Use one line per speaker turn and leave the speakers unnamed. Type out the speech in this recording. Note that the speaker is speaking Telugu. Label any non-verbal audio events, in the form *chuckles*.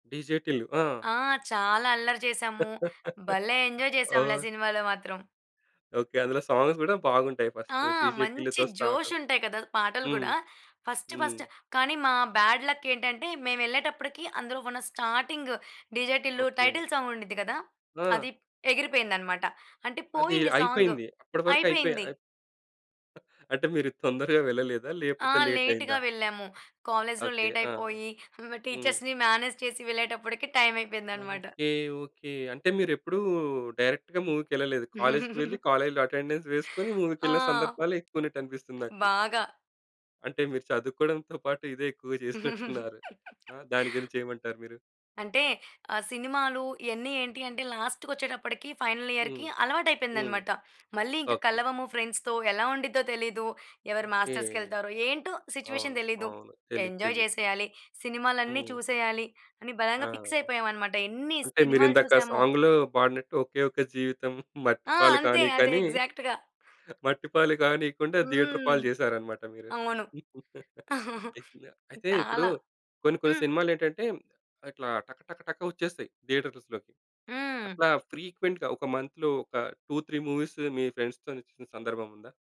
'డీజే టిల్లు' ఆ!
ఆ! చాలా అల్లరి చేసాము.
*giggles*
భలే ఎంజాయ్ చేసాంలే
ఓహ్!
సినిమాలో మాత్రం.
ఓకే, అందులో సాంగ్స్ కూడా బాగుంటాయి,
ఆ!
ఫస్ట్ 'డీజే
మంచి
టిల్లుతో' స్టార్ట్.
జోష్ ఉంటాయి కదా! పాటలు
హ్మ్.
కూడా. ఫస్ట్ ఫస్ట్,
హ్మ్.
కానీ మా బ్యాడ్‌లక్ ఏంటంటే, మేమెళ్ళేటప్పటికి అందులో ఉన్న starting DJ Tillu
okay.
Title song ఉండిద్ది కదా!
ఆ!
అది ఎగిరిపోయిందన్నమాట, అంటే
అది
పోయింది సాంగు.
అయిపోయింది. అప్పటి వరకు అయిపోయి
అయిపోయింది.
*chuckles* అంటే మీరు తొందరగా వెళ్ళలేదా
ఆ!
లేపోతే లేట్
లేట్‌గా
అయిందా?
వెళ్ళాము. కాలేజ్‌లో
ఓకే,
లేట్
ఆ!
అయిపోయి
హ్మ్.
టీచర్స్‌ని మేనేజ్ చేసి వెళ్ళేటప్పటికి, టైం అయిపోయిందన్నమాట.
Okay, okay. అంటే మీరెప్పుడూ డైరెక్ట్‌గా మూవీకెళ్ళలేదు. కాలేజ్‌కి వెళ్లి
*giggles*
కాలేజ్‌లో అటెండెన్స్ వేసుకొని
ఆ!
మూవీకెళ్ళిన సందర్భాలే ఎక్కువున్నట్టనిపిస్తుంది నాకు.
బాగా.
అంటే మీరు చదువుకోవడంతో పాటు ఇదే ఎక్కువగా *chuckles* చేసినట్టున్నారు. ఆ!
*giggles*
దాని గురించి ఏమంటారు మీరు?
అంటే ఆ సినిమాలు ఇయన్ని ఏంటి అంటే, లాస్ట్‌కొచ్చేటప్పటికి ఫైనల్
హ్మ్.
ఇయర్‌కి
హ్మ్.
అలవాటయిపోయిందన్నమాట. మళ్ళీ ఇంకా
ఓకే.
కలవము ఫ్రెండ్స్ తో ఎలా ఉండిద్దో తెలియదు. ఎవరు
ఓకే.
మాస్టర్స్‌కెళ్తారో ఏంటో
అవును.
సిచ్యువేషన్ తెలియదు.
అవును. తెలీదు,
ఎంజాయ్
తెలీదు.
చేసేయాలి, సినిమాలన్ని
హ్మ్.
చూసేయాలి, అని
ఆ!
బలంగా ఫిక్స్ అయిపోయామన్నమాట. ఎన్ని
అంటే,
సినిమాలు
మీరిందాక
చూసామో.
సాంగ్‌లో పాడినట్టు *chuckles* 'ఒకే ఒక్క జీవితం
ఆ!
మట్టిపాలు
అంతే
కానీకు'
అదే
అని.
ఎగ్జాక్ట్‌గా.
*giggles* మట్టి పాలు కానియకుండా థియేటర్
హ్మ్.
పాలు చేసారన్నమాట మీరు.
అవును.
*giggles*
*chuckles*
ఐతేన అయితే ఇప్పుడు
చాలా.
కొన్ని కొన్ని
హ్మ్.
సినిమాలు ఏంటంటే, ఇట్లా టక టక టక వచ్చేస్తాయి థియేటర్స్‌లోకి.
హ్మ్.
అట్లా ఫ్రీక్వెంట్‌గా, ఒక మంత్‌లో ఒక 2, 3 మూవీస్ మీ ఫ్రెండ్స్‌తో చూసిన సందర్భం ఉందా?